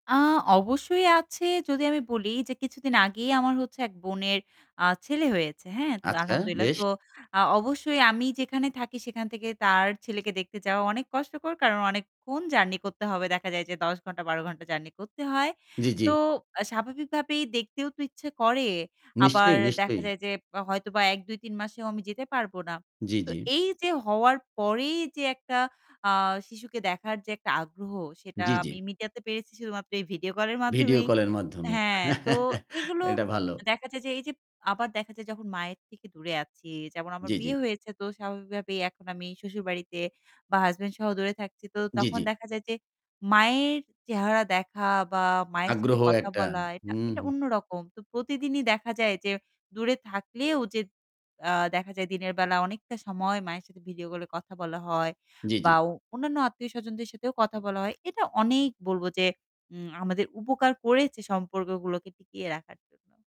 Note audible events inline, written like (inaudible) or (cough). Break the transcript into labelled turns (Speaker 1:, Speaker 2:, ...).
Speaker 1: আ অবশ্যই আছে যদি আমি বলি যে কিছুদিন আগেই আমার হচ্ছে এক বোনের আ ছেলে হয়েছে। হ্যাঁ? তো
Speaker 2: আচ্ছা,
Speaker 1: আলহামদুলিল্লাহ।
Speaker 2: বেশ!
Speaker 1: তো আ অবশ্যই আমি যেখানে থাকি সেখান থেকে তার ছেলেকে দেখতে যাওয়া অনেক কষ্টকর। কারণ অনেকক্ষণ জার্নি করতে হবে। দেখা যায় যে ১০ ঘন্টা ১২ ঘণ্টা জার্নি করতে হয়।
Speaker 2: জ্বি,
Speaker 1: তো
Speaker 2: জ্বি।
Speaker 1: আ স্বাভাবিকভাবেই দেখতেও তো ইচ্ছা করে। আবার
Speaker 2: নিশ্চয়ই,
Speaker 1: দেখা
Speaker 2: নিশ্চয়ই।
Speaker 1: যায় যে হয়তোবা ১ ২ ৩ মাসেও আমি যেতে পারব না।
Speaker 2: জ্বি,
Speaker 1: তো
Speaker 2: জ্বি।
Speaker 1: এইযে হওয়ার পরেই যে একটা আ শিশুকে দেখার যে একটা আগ্রহ সেটা
Speaker 2: জ্বি, জ্বি।
Speaker 1: আমি মিডিয়াতে পেরেছি শুধুমাত্র এই ভিডিও কলের
Speaker 2: ভিডিও
Speaker 1: মাধ্যমেই।
Speaker 2: কল এর মাধ্যমে।
Speaker 1: হ্যাঁ, তো
Speaker 2: (chuckles)
Speaker 1: এগুলো
Speaker 2: এটা ভালো।
Speaker 1: দেখা যায় যে এইযে আবার দেখা যায় যখন মায়ের থেকে দূরে আছি। যেমন আমার
Speaker 2: জ্বি, জ্বি।
Speaker 1: বিয়ে হয়েছে তো স্বাভাবিকভাবেই এখন আমি শশুর বাড়িতে বা হাসব্যান্ড সহ দূরে থাকছি। তো
Speaker 2: জ্বি,
Speaker 1: তখন
Speaker 2: জ্বি।
Speaker 1: দেখা যায় যে মায়ের চেহারা দেখা বা মায়ের সাথে
Speaker 2: আগ্রহ
Speaker 1: কথা
Speaker 2: একটা,
Speaker 1: বলা এটা
Speaker 2: হুম,
Speaker 1: এটা
Speaker 2: হু।
Speaker 1: অন্যরকম। তো প্রতিদিনই দেখা যায় যে দূরে থাকলেও যে আ দেখা যায় দিনের বেলা অনেকটা সময় মায়ের সাথে ভিডিও কল এ কথা বলা হয়
Speaker 2: জ্বি, জ্বি।
Speaker 1: বা অ অন্যান্য আত্মীয়স্বজনদের সাথেও কথা বলা হয়। এটা অনেক বলবো যে উ আমাদের উপকার করেছে সম্পর্কগুলোকে টিকিয়ে রাখার জন্য।